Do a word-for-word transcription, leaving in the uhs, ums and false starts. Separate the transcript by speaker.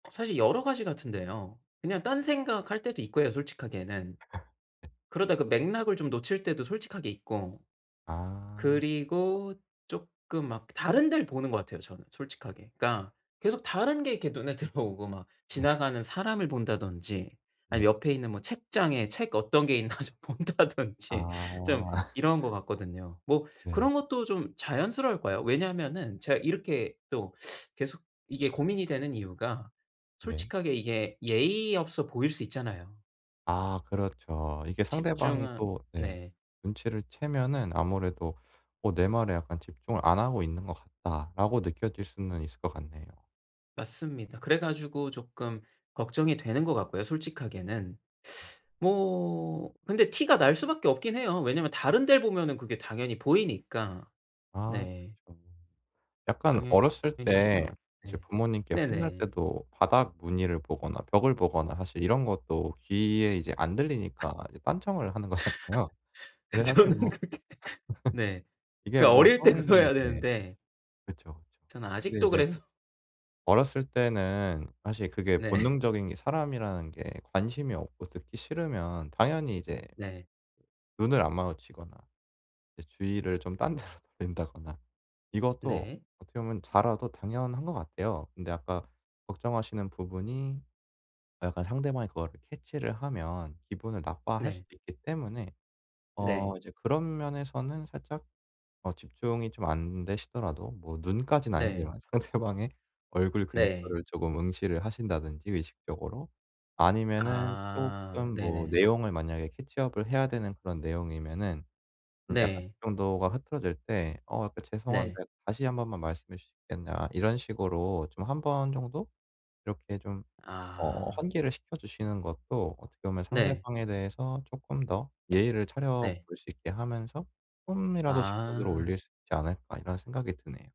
Speaker 1: 사실 여러 가지 같은데요. 그냥 딴생각할 때도 있고요, 솔직하게는. 그러다 그 맥락을 좀 놓칠 때도 솔직하게 있고
Speaker 2: 아.
Speaker 1: 그리고 쪼끔 막 다른 데를 보는 것 같아요, 저는 솔직하게. 그러니까 계속 다른 게 이렇게 눈에 들어오고 막
Speaker 2: 네.
Speaker 1: 지나가는 사람을 본다든지
Speaker 2: 네.
Speaker 1: 아니면 옆에 있는 뭐 책장에 책 어떤 게 있나 좀 본다든지 좀
Speaker 2: 아.
Speaker 1: 이런 것 같거든요. 뭐
Speaker 2: 네.
Speaker 1: 그런 것도 좀 자연스러울 거예요. 왜냐하면은 제가 이렇게 또 계속 이게 고민이 되는 이유가
Speaker 2: 네.
Speaker 1: 솔직하게 이게 예의 없어 보일 수 있잖아요.
Speaker 2: 아 그렇죠. 이게 상대방이
Speaker 1: 집중하
Speaker 2: 또 네
Speaker 1: 네.
Speaker 2: 눈치를 채면은 아무래도 어 '내 말에 약간 집중을 안 하고 있는 것 같다.'라고 느껴질 수는 있을 것 같네요.
Speaker 1: 맞습니다. 그래 가지고 쪼끔 걱정이 되는 것 같고요, 솔직하게는. 뭐 근데 티가 날 수밖에 없긴 해요. 왜냐면 다른 델 보면은 그게 당연히 보이니까.
Speaker 2: 아
Speaker 1: 네.
Speaker 2: 그렇죠. 약간 어렸을
Speaker 1: 당연히
Speaker 2: 때
Speaker 1: 티가
Speaker 2: 이제
Speaker 1: 네.
Speaker 2: 부모님께 혼날
Speaker 1: 네네.
Speaker 2: 때도 바닥 무늬를 보거나 벽을 보거나 사실 이런 것도 귀에 이제 안 들리니까 이제 딴청을 하는 거잖아요.
Speaker 1: 그
Speaker 2: 근데 사실
Speaker 1: 정도는
Speaker 2: 뭐
Speaker 1: 그렇게 네
Speaker 2: 이게
Speaker 1: 그
Speaker 2: 뭐
Speaker 1: 어릴 때
Speaker 2: 성인이
Speaker 1: 그래야
Speaker 2: 이제
Speaker 1: 되는데
Speaker 2: 그쵸, 그쵸.
Speaker 1: 저는
Speaker 2: 근데
Speaker 1: 아직도
Speaker 2: 이제
Speaker 1: 그래서
Speaker 2: 어렸을 때는 사실 그게
Speaker 1: 네.
Speaker 2: 본능적인 게 사람이라는 게 관심이 없고 듣기 싫으면 당연히 이제
Speaker 1: 네.
Speaker 2: 눈을 안 마주치거나 이제 주의를 좀 딴 데로 돌린다거나 이것도
Speaker 1: 네.
Speaker 2: 어떻게 보면 자라도 당연한 것 같아요. 근데 아까 걱정하시는 부분이 아 약간 상대방이 그거를 캐치를 하면 기분을 나빠할
Speaker 1: 네.
Speaker 2: 수도 있기 때문에
Speaker 1: 네.
Speaker 2: 어 이제 그런 면에서는 살짝 어 집중이 좀 안되시더라도 뭐 눈까지는
Speaker 1: 네.
Speaker 2: 아니지만 상대방의 얼굴
Speaker 1: 네.
Speaker 2: 근처를 쪼금 응시를 하신다든지 의식적으로. 아니면은
Speaker 1: 아
Speaker 2: 쪼끔 뭐
Speaker 1: 네네네.
Speaker 2: 내용을 만약에 캐치 업을 해야 되는 그런 내용이면은 음 약간
Speaker 1: 네.
Speaker 2: 집중도가 흐트러질 때 "어 약간 죄송한데
Speaker 1: 네.
Speaker 2: 다시 한 번만 말씀해 주시겠냐." 이런 식으로 좀 한 번 정도 이렇게 좀 어
Speaker 1: 아.
Speaker 2: 환기를 시켜주시는 것도 어떻게 보면
Speaker 1: 네.
Speaker 2: 상대방에 대해서 쪼끔 더 예의를 차려볼
Speaker 1: 네.
Speaker 2: 수 있게 하면서 쪼끔이라도 집중도를
Speaker 1: 아.
Speaker 2: 올릴 수 있지 않을까 이런 생각이 드네요.